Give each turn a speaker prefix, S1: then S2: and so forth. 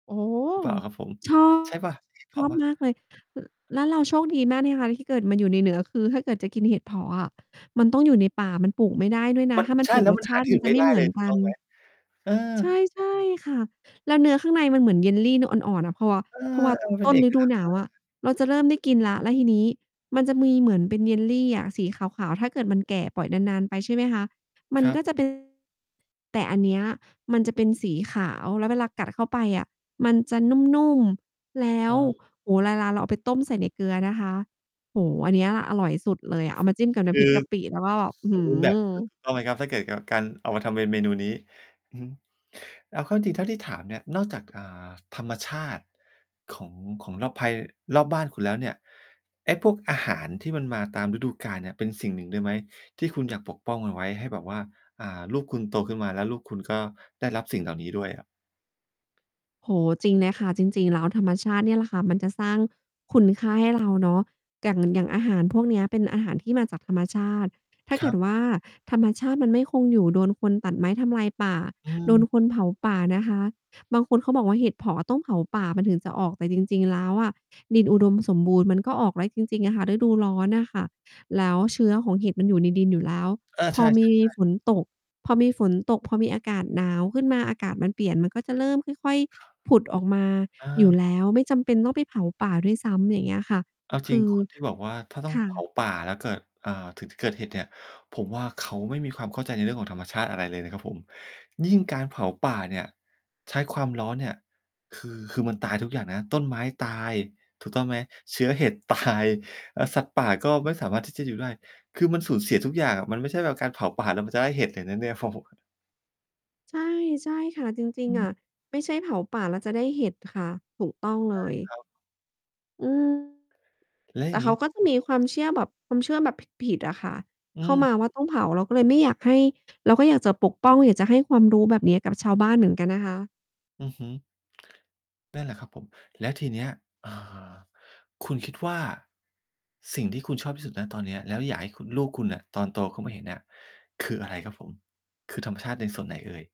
S1: โอ้โฮ
S2: หรือเปล่าครับผม
S1: ชอบ
S2: ใช่เปล่า? ใช่เห็ดเผ
S1: ช
S2: าะ
S1: อ
S2: เ
S1: บ
S2: ปล่า?
S1: มากเลย แล้วเราโชคดีมากเนี่ยคะที่เกิดมาอยู่ในเหนือ คือถ้าเกิดจะกินเห็ดเผาะอะ มันต้องอยู่ในป่า มันปลูกไม่ได้ด้วยน
S2: ม
S1: ะ
S2: ัน
S1: ถ้ามั
S2: ใ
S1: น
S2: ช่
S1: ปลู
S2: แ
S1: ก
S2: ล้ว
S1: ร
S2: ม
S1: ส
S2: ัน
S1: ช
S2: หา
S1: าต
S2: ท
S1: ิ
S2: ี่
S1: ม
S2: อ
S1: ั
S2: ื่
S1: น
S2: น
S1: จะ
S2: ไม่
S1: ไม
S2: ไ
S1: ่
S2: ด
S1: เ
S2: ้
S1: หมื
S2: เล
S1: อ
S2: ย
S1: น
S2: ถู
S1: ก
S2: ก
S1: ั
S2: ต้อ
S1: น
S2: งไหม? เออ
S1: ใช่ ใช่ค่ะ แล้วเนื้อข้างในมันเหมือน jelly เนื้ออ่อน ๆ น่ะ เพราะ ว
S2: เอ
S1: เพราะว่า
S2: อ ๆ เป็
S1: ต
S2: น
S1: ้น
S2: เอก
S1: ฤด
S2: ล
S1: ู
S2: ั
S1: หนาวอ
S2: กษณ
S1: ะ
S2: ์มาก
S1: เราจะเริ่มได้กินแล้ว แล้วทีนี้มันจะมีเหมือนเป็น jelly อะสีขาว ๆ ถ้าเกิดมันแก่ ปล่อยนาน ๆ ไปใช่ไหมคะ มั
S2: ค
S1: น
S2: รั
S1: ก็
S2: บ
S1: จะ เป็น แต่อันเนี้ย มันจะเป็นสีขาว แล้วเวลากัดเข้าไปอะมันจะนุ่ม ๆ แล้
S2: อ๋
S1: ว
S2: อ
S1: โอ้โฮ ไลลาเราเอาไปต้มใส่ในเกลือนะคะ โอ้โฮ อันเนี้ยแหละอร่อยสุดเลยอะ เอามาจิ้มกับน
S2: ค
S1: ้ำพ
S2: ื
S1: ริก
S2: อ
S1: กะปิแล้วก็
S2: ส
S1: อื้
S2: ส
S1: อ
S2: ส
S1: ฮ
S2: ม
S1: ื
S2: บูรณ์แบบ ถ
S1: อ
S2: ูก ต้องไหมครับ? ถ้าเกิดกับ การเอามาทำเป็นเมนูนี้ อือฮึ เอาเข้าจริง ๆ เท่าที่ถามเนี่ย นอกจาก อ่า ธรรมชาติของ ของรอบภัย รอบบ้านคุณแล้วเนี่ย ไอ้พวกอาหารที่มันมาตามฤดูกาลเนี่ย เป็นสิ่งหนึ่งด้วยไหม? ที่คุณอยากปกป้องมันไว้ให้แบบว่า อ่า ลูกคุณโตขึ้นมาแล้วลูกคุณก็ได้รับสิ่งเหล่านี้ด้วย อะ
S1: โอ้โฮ จริงเลยค่ะ จริง ๆ แล้วธรรมชาติเนี่ยแหละค่ะมันจะสร้างคุณค่าให้ เรา เนาะ อย่าง หนึ่ง อย่างอาหารพวกเนี้ยเป็นอาหารที่มาจากธรรมชาติ ถ้า
S2: ค
S1: เก
S2: ร
S1: ิ
S2: ับ
S1: ดว่า ธรรมชาติมันไม่คงอยู่ โดนคนตัดไม้ทำลายป่า
S2: อ
S1: โด
S2: ื
S1: น
S2: ม
S1: คนเผาป่านะคะ บางคนเขาบอกว่า เห็ดเผาะอะต้องเผาป่ามันถึงจะออก แต่จริง ๆ แล้วอะ ดินอุดมสมบูรณ์มันก็ออก แล้วจริง ๆ อะค่ะ ฤดูร้อนน่ะค่ะ แล้วเชื้อของเห็ดมันอยู่ในดินอยู่แล้ว
S2: เออ
S1: พ
S2: ใช
S1: อ
S2: ่
S1: มี
S2: ๆ ๆ
S1: ฝนตก พอมีฝนตก พอมีอากาศหนาวขึ้นมา อากาศมันเปลี่ยนมันก็จะเริ่มค่อย
S2: ครับ
S1: ๆ ผุดออกมา
S2: อ
S1: อยู
S2: า
S1: ่แล้ว ไม่จำเป็นต้องไปเผาป่าด้วยซ้ำ อย่างเงี้ยค่ะ
S2: เอาจ
S1: ค
S2: ริง
S1: ือ
S2: คนที่ บอกว่า ถ้าต้อ
S1: ค
S2: ง
S1: ่ะ
S2: เผา ป่าแล้วเกิด อ่า ถึงจะเกิดเห็ดเนี่ย ผมว่าเขาไม่มีความเข้าใจในเรื่องของธรรมชาติอะไรเลยนะครับผม ยิ่งการเผาป่าเนี่ย ใช้ความร้อนเนี่ย คือ คือมันตายทุกอย่างนะ ต้นไม้ตาย ถูกต้องไหม? เชื้อเห็ด ตาย อา สัตว์ป่าก็ไม่สามารถที่จะอยู่ได้ คือมันสูญเสียทุกอย่างอะ มันไม่ใช่แบบการเผาป่าแล้วมันจะได้เห็ดเลยนะเนี่ย ฟอโหะ
S1: ใช่ ใช่ค่ะ จริ
S2: อ
S1: ง ๆ อ
S2: ื
S1: ะ
S2: ม
S1: ไม่ใช่เผาป่าแล้วจะได้เห็ดค่ะ ถูกต้อง เ
S2: ใ
S1: ล
S2: ช่ค
S1: ย
S2: รับ
S1: อืม
S2: แล้ว
S1: แต
S2: อย่
S1: ่
S2: าง
S1: เ
S2: ง
S1: ข
S2: ี
S1: า
S2: ้
S1: ก็จะมีความเชื่อแบบความเชื่อแบบผิด ๆ อะค่ะ
S2: อื
S1: เข้า
S2: ม
S1: มาว่า ต้องเผา เราก็เลยไม่อยากให้ เราก็อยากจะปกป้อง อยากจะให้ความรู้แบบเนี้ยกับชาวบ้านเหมือนกันนะคะ
S2: อือฮึ นั่นแหละครับผม แล้วทีเนี้ย อ่า คุณคิดว่า สิ่งที่คุณชอบที่สุด ณ ตอนเนี้ย แล้วอยากให้คุณ ลูกคุณน่ะตอนโตเขามาเห็นน่ะ คืออะไรครับผม? คือธรรมชาติในส่วนไหนเอ่ย?